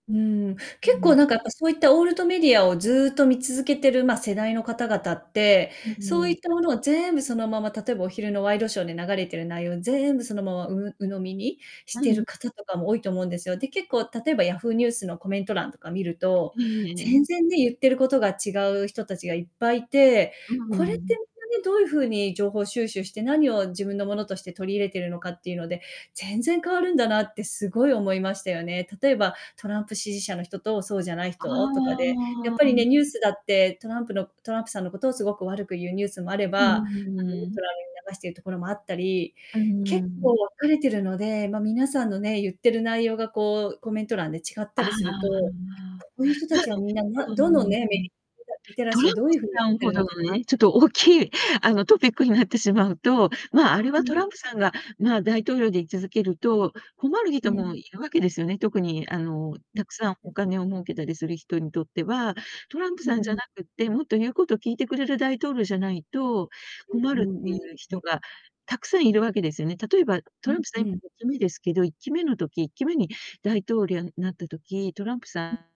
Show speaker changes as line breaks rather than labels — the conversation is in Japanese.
うーん、
う
結構
ん。
なんかやっぱ、そういったオールドメディアをずっと見続けてる、ま、世代の方々って、
うん
そう
う
い
ん。
ったものをぜーんぶそのまま例えば、お昼のワイドショーで流れてる内容を全部そのままう鵜呑みにし
う
てる
ん。
方とかも多いと思うんですよ。で、結構例えば Yahoo! ニュースのコメント欄とか見ると、
ええええ。
全然ね、言ってることが違う人たちがいっぱいて、
うう
これって
ん。
どういう風に情報を収集して、何を自分のものとして取り入れているのかっていうので、全然変わるんだなってすごい思いましたよね。例えば、トランプ支持者の人とそうじゃない
あ
人とかで、やっぱり
あ。
ね、ニュースだってトランプのトランプさんのことをすごく悪く言うニュースもあれ
う
ば、多分ニュー
ー
ト
ん。
ラルに流しているところもあったり、
うー
結構分
ん。
かれてるので、ま、皆さんのね、言ってる内容がこう、コメント欄で違った
ああ、
りすると、こういう人たちはみん なな
う
どん
ー
どん
ん。
ね、リテラ
ト
シ
ラ
ー
ン
をどう
プ
いう風に、
さ
っ
ん
て
ほ
るの
ど
かな
の
っ
ね、ちょっ
て。
と大きいあの、トピックになってしまうと、まあ、あれ
う
は
ん。
トランプさんが、まあ、大統領で居続けると、困る
う
人
ん。
もいるわけですよね、特にあの、
う
た
ん
くさん
う
お
ん。
金を儲けたりする人にとっては、トランプ
うう
さんじゃ
ん。
なくって、もっと言うこと聞いてくれる大統領じゃないと
う
困
う
る
ん
って
う
い
ん
う
う
人
ん。
がたくさんいるわけですよね。例えば、
う
トラ
ん
ンプさん
う
い
ん。
期目ですけど、1期目の時1期目に大統領になった時、トランプさ
うん。
ん